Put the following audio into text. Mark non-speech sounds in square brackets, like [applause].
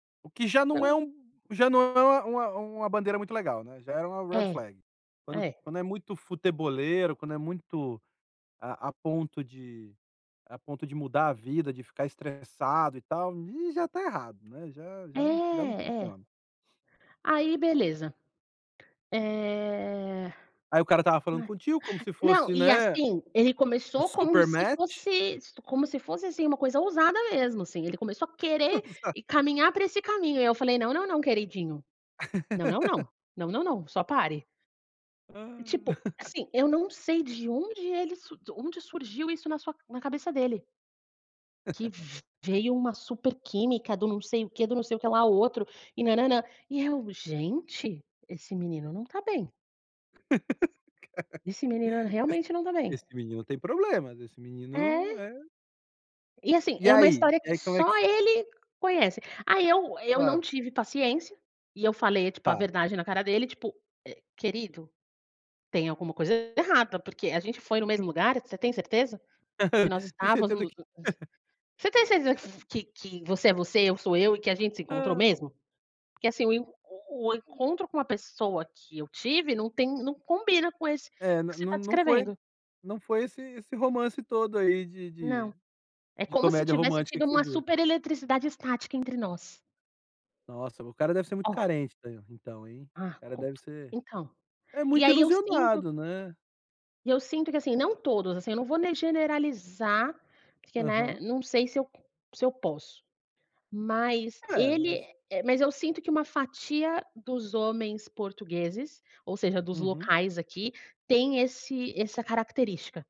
O que já não é Então. um já não é uma uma uma bandeira muito legal, né, já é uma red É. flag, quando É. quando é muito futeboleiro, quando é muito a a ponto de a ponto de mudar a vida, de ficar estressado e tal, aí já tá errado, né, já já não já não É, é. funciona. Aí, beleza. Eh, Ai, o cara tá lá, falando contigo como [unintelligible] se não, fosse, e né, assim, ele um começou como super se match. fosse como se fosse, assim uma coisa ousada mesmo assim. Ele começou a querer Exato. caminhar para esse caminho, e eu falei: "Não, não, não queridinho, não não [laughs] não, não não não, só pare." Ah. Tipo, [chuckles] assim, eu não sei de onde ele de onde surgiu isso na sua na cabeça dele. Que [chuckles] v-veio uma super química do não sei o quê, do não sei o que lá outro, e nã nã nã, e eu: "Gente, esse menino não está bem." [laughs] Cara. Esse Esse menino, realmente, não tá bem. esse menino tem problema, esse menino É. é E assim, E é uma aí? história E que aí como é que só ce ele conhece. Aí, eu eu não Claro. tive paciência, e eu falei, tipo, a Tá. verdade na cara dele, tipo, eh: "Querido, tem alguma coisa errada porque a gente foi no mesmo lugar? Você tem certeza, que nós [chuckles] Tem certeza estávamos que Você tem certeza que [laughs] f que você é você, eu sou eu, e que a gente se encontrou Hã. mesmo? Porque, assim, o o encontro com uma pessoa que eu tive não tem não combina com esse É, que você não está não foi descrevendo." não foi esse esse romance todo aí de Não. de É de como se comédia tivesse romântica tido que você uma viu. super eletricidade estática entre nós. Nossa, o cara deve ser muito Ó. carente en então, hein, o Ah, cara deve conto. ser Então, É e, muito aí, eu sinto ilusionado, né. e eu sinto que, assim, não todos assim, eu não vou né, generalizar, porque, né, Uhum. não sei se eu se eu posso, mas É, ele mas eh mas, eu sinto que uma fatia dos homens portugueses, ou seja, dos Uhum. locais aqui, tem esse essa característica.